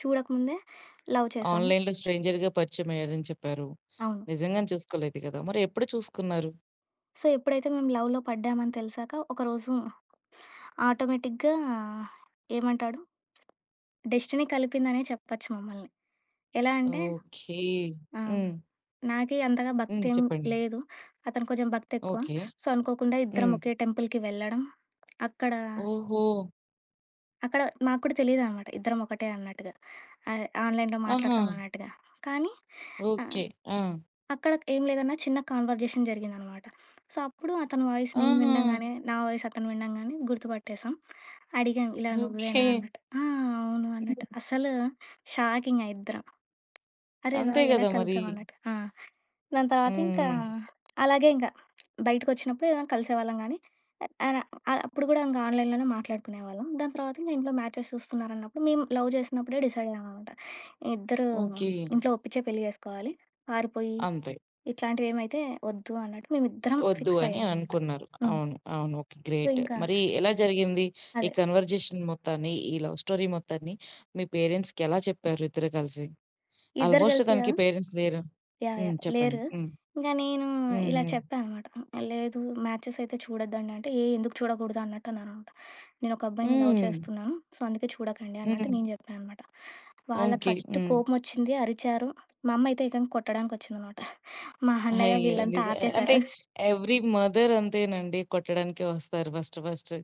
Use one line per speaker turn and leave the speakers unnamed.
చూడకముందే love చేసాను.
ఆన్‌లైన్‌లో స్ట్రేంజర్‌గా పరిచయమయ్యారని చెప్పారు.
అవును.
నిజంగాను చూసుకోలేదు గదా! మరెప్పుడు చూసుకున్నారు?
సో ఎప్పుడైతే మేము లవ్‌లో పడ్డామని తెలిసాక ఒకరోజు ఆటోమేటిక్‌గా ఏమంటాడు? డెస్టినీ కలిపిందనే చెప్పొచ్చు మమ్మల్ని. ఎలా అంటే
ఓకే.
ఆ!
హ్మ్.
నాకి అంతగా
హ్మ్.
భక్తేం
చెప్పండి.
లేదు. అతనికి కొంచెం భక్తి ఎక్కువ.
ఓకే.
సో అనుకోకుండా ఇద్దరం
హ్మ్.
ఒకే టెంపుల్‌కి వెళ్ళడం, అక్కడ
ఓహో!
అక్కడ మాకూడా తెలీదనమాట, ఇద్దరం ఒకటే అన్నట్టుగా. ఆహ్, ఆన్‌లైన్‌లో
ఆహా!
మాట్లాడతామన్నట్టుగా. కానీ ఆ!
ఓకే. ఆ!
అక్కడ ఏం లేదన్నా చిన్న కన్వర్జేషన్ జరిగిందనమాట. సో అప్పుడు అతని వాయిస్ నేను
ఆహా!
వినడంగాని, నా వాయిస్ అతను వినడంగాని గుర్తుపట్టేసాం. అడిగాం "ఇలా నువ్వేనా?"
ఓకే.
అన్నట్టు. "ఆ! అవును."
హ్మ్.
అన్నట్టు. అసలు షాకింగా ఇద్దరం. అరేవ!
అంతే
ఎలా
గదా! మరి.
కలిసాం అన్నట్టు. ఆ! దాని తర్వాత ఇంకా,
హ్మ్. హ్మ్.
అలాగే ఇంకా బయటికొచ్చినప్పుడు కలిసేవాళ్ళం గానీ. అర అర అప్పుడు గూడా ఇంకా ఆన్‌లైన్‌లోనే మాట్లాడుకునేవాళ్ళం. దాని తర్వాత ఇంకా ఇంట్లో మ్యాచెస్ చూస్తున్నారన్నప్పుడు మేము లవ్ జేసినప్పుడే డిసైడ్ అయ్యాం అనమాట. ఇద్దరు
ఓకే.
ఇంట్లో ఒప్పించే పెళ్లి జేసుకోవాలి. పారిపోయి
అంతే.
ఇట్లాంటివి ఏమైతే ఒద్దు అన్నట్టు మేమిద్దరం
ఒద్దు
ఫిక్స్
అని
అయ్యాం అనమాట.
అనుకున్నారు.
హ్మ్.
అవును. అవును. ఓకే.
So
great.
ఇంకా
మరి ఎలా జరిగింది? ఈ
అదే.
కన్వర్జేషన్ మొత్తాన్ని, ఈ లవ్ స్టోరీ మొత్తాన్ని మీ పేరెంట్స్‌కి ఎలా చెప్పారు ఇద్దరు గలిసి?
ఇద్దరు
ఆల్‌మోస్ట్
కలిసియా?
తనికి పేరెంట్స్ లేరు.
యాహ్!
హ్మ్.
యాహ్!
చెప్పండి.
లేరు.
హ్మ్.
ఇంకా నేను
హ్మ్.
ఇలా
హ్మ్.
చెప్పా అనమాట. "లేదు, మ్యాచెస్ అయితే చూడొద్దండి." అంటే "ఏ ఎందుకు చూడకూడదు?" అన్నట్టు అన్నమాట. "నేను ఒక అబ్బాయిని లవ్
హ్మ్.
చేస్తున్నాను, సో అందుకే చూడకండి." అన్నట్టు
హ్మ్.
నేను జెప్పా అనమాట. వాళ్ళ
ఓకే.
ఫస్ట్
హ్మ్.
కోపం ఒచ్చింది, అరిచారు. మా అమ్మ అయితే ఏకంగా కొట్టడానికి ఒచ్చిందనమాట. మా అన్నయ్య
అయ్యో!
వీళ్ళంతా
నిజ ఆహ్, అంటే
ఆపేశారు.
ఎవ్రి మదర్ అంతేనండి, కొట్టడానికే ఒస్తారు ఫస్ట్ ఫస్ట్.